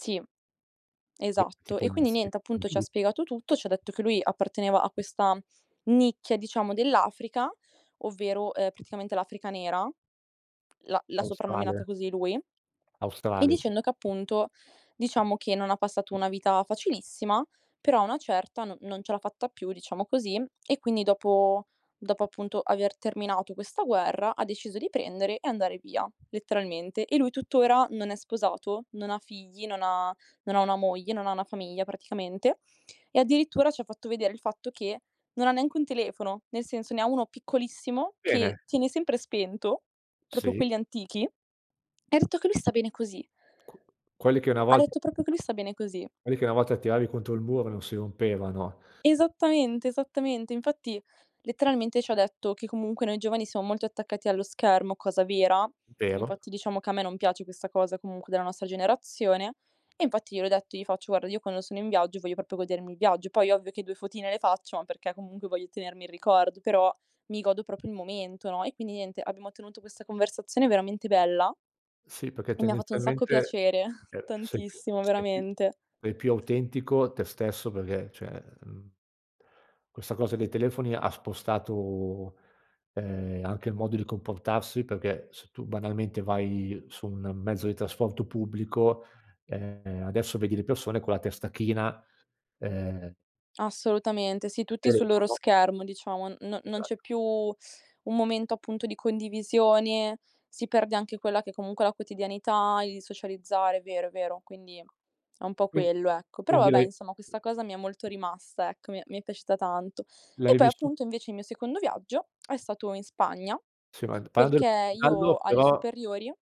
Sì, I esatto. tipo E il quindi niente, appunto, ci ha [unintelligible] spiegato tutto, ci ha detto che lui apparteneva a questa, mhmm, nicchia, diciamo, dell'Africa, ovvero, ehm, praticamente l'Africa nera, l'ha l'ha soprannominata Australe? così lui. E Australe. dicendo che, appunto, diciamo, che non ha passato una vita facilissima, però a una certa no non ce l'ha fatta più, diciamo così, e quindi dopo dopo, appunto, aver terminato questa guerra, ha deciso di prendere e andare via, letteralmente. E lui tuttora non è sposato, non ha figli, non ha non ha una moglie, non ha una famiglia praticamente e addirittura ci ha fatto vedere il fatto che non ha neanche un telefono, nel senso, ne ha uno piccolissimo che Bene. tiene sempre spento, proprio Sì. quelli antichi e ha detto che lui sta bene così. Qu quelli che una Ha volt detto proprio che lui sta bene così. quelli che una volta tiravi contro il muro e non si rompevano. Esattamente, esattamente. Infatti, letteralmente, ci ha detto che comunque noi giovani siamo molto attaccati allo schermo, cosa vera, Vero. infatti diciamo che a me non piace questa cosa comunque della nostra generazione. E infatti gliel'ho detto, gli faccio: "Guarda, io quando sono in viaggio, voglio proprio godermi il viaggio". Poi ovvio che 2 fotine le faccio, ma perché comunque voglio tenermi il ricordo, però mi godo proprio il momento, no, e quindi, niente, abbiamo tenuto questa conversazione veramente bella. Sì, perché, E mi ha fatto un sacco tendenzialmente, piacere, ehm, se più tantissimo, sei più veramente. sei più autentico a te stesso perché cioè, mhmm questa cosa dei telefoni ha spostato, ehm, anche il modo di comportarsi perché se tu, banalmente, vai su un mezzo di trasporto pubblico, ehm, adesso vedi le persone con la testa china, ehm Assolutamente, sì, tutti sul loro Telefono. schermo, diciamo. N no non c'è Esatto. più un momento, appunto, di condivisione, si perde anche quella che comunque è la quotidianità, il socializzare, è vero, è vero. Quindi è un po' Qui quello, ecco. Però, quindi vabbè, lei insomma, questa cosa mi è molto rimasta, ecco, mi è mi è piaciuta tanto. E L'hai poi, vissu appunto, invece il mio secondo viaggio è stato in Spagna, Si ma, d parlando perché del io gallo, alle però superiori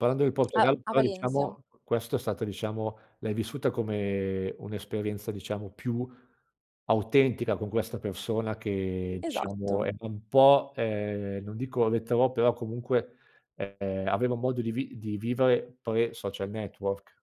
parlando del A Portogallo a però, Valencia. diciamo, questo è stata diciamo, l'hai vissuta come un'esperienza, diciamo, più autentica con questa persona che diciamo Esatto. è è un po', ehm, non dico retrò, però comunque, ehm, aveva un modo di vi di vivere pre-social network.